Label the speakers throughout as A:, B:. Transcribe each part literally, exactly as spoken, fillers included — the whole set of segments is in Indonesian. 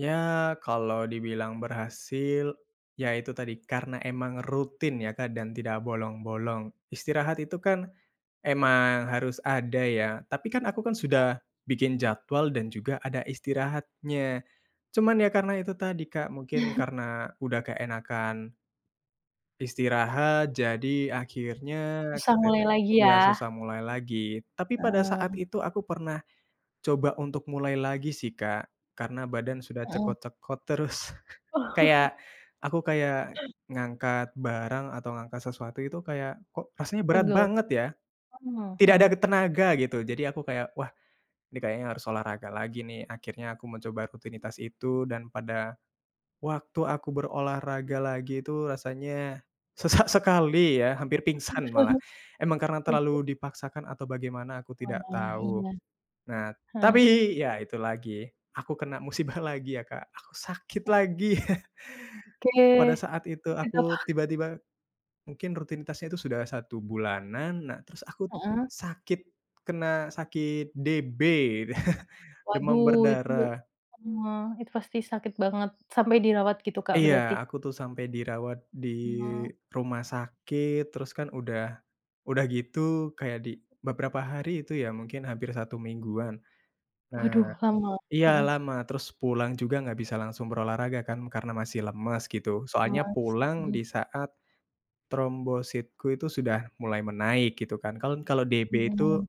A: Ya, kalau dibilang berhasil, ya itu tadi, karena emang rutin ya, Kak, dan tidak bolong-bolong. Istirahat itu kan, emang harus ada ya. Tapi kan aku kan sudah bikin jadwal dan juga ada istirahatnya. Cuman ya karena itu tadi, Kak, mungkin karena udah keenakan istirahat jadi akhirnya
B: Susah mulai
A: ketete
B: lagi
A: ya
B: ya.
A: susah mulai lagi. Tapi pada saat
B: Heeh.
A: itu aku pernah coba untuk mulai lagi sih, Kak, karena badan sudah
B: Heeh.
A: cekot-cekot terus. Kayak, aku kayak ngangkat barang atau ngangkat sesuatu itu kayak, "Kok rasanya berat
B: Pegal.
A: banget ya?"
B: Oh,
A: Tidak ada
B: mhm.
A: t tenaga gitu. Jadi aku kayak, “Wah, ini kayaknya harus olahraga lagi nih.” Akhirnya aku mencoba rutinitas itu dan pada waktu aku berolahraga lagi itu rasanya sesak sekali ya, hampir pingsan malah. Emang karena
B: Oke.
A: terlalu dipaksakan atau bagaimana aku
B: Wah,
A: tidak tahu.
B: iya.
A: Nah,
B: Heeh.
A: tapi ya itu lagi aku kena musibah lagi ya, Kak, aku sakit
B: Eh.
A: lagi. Pada
B: Oke.
A: saat itu
B: Sakit apa?
A: aku tiba-tiba mungkin rutinitasnya itu sudah satu bulanan. Nah, terus aku
B: Heeh.
A: sakit, kena sakit DB, demam
B: Waduh, itu
A: berdarah.
B: heeh, itu pasti sakit banget, sampai dirawat gitu, Kak,
A: Iya,
B: berarti?
A: aku tuh sampai dirawat di
B: Mmm.
A: rumah sakit. Terus kan udah udah gitu kayak di beberapa hari itu ya mungkin hampir satu mingguan. Nah
B: Waduh, lama.
A: iya,
B: Heeh.
A: lama. Terus pulang juga nggak bisa langsung berolahraga kan karena masih lemas gitu, soalnya
B: Lemas,
A: pulang
B: hmm.
A: di saat trombositku itu sudah mulai menaik gitu kan. Kan kalau DB
B: Hmm.
A: itu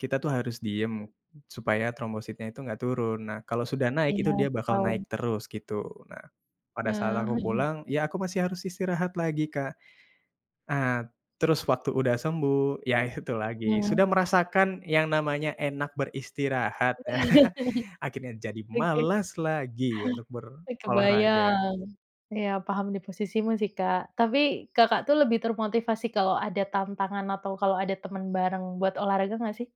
A: kita tuh harus diem supaya trombositnya itu nggak turun. Nah kalau sudah naik
B: Iya,
A: itu dia
B: aku
A: bakal
B: tahu.
A: naik terus gitu. Nah, pada saat
B: Eee,
A: aku
B: mhm.
A: pulang ya aku masih harus istirahat lagi, Kak. Ah, terus waktu udah sembuh, ya itu lagi,
B: Iya.
A: sudah merasakan yang namanya enak beristirahat ya, akhirnya jadi
B: Oke.
A: malas lagi untuk
B: Eee,
A: berolahraga.
B: kebayang. Iya, paham diposisimu sih, Kak. Tapi Kakak tuh lebih termotivasi kalau ada tantangan atau kalau ada teman bareng buat olahraga nggak sih?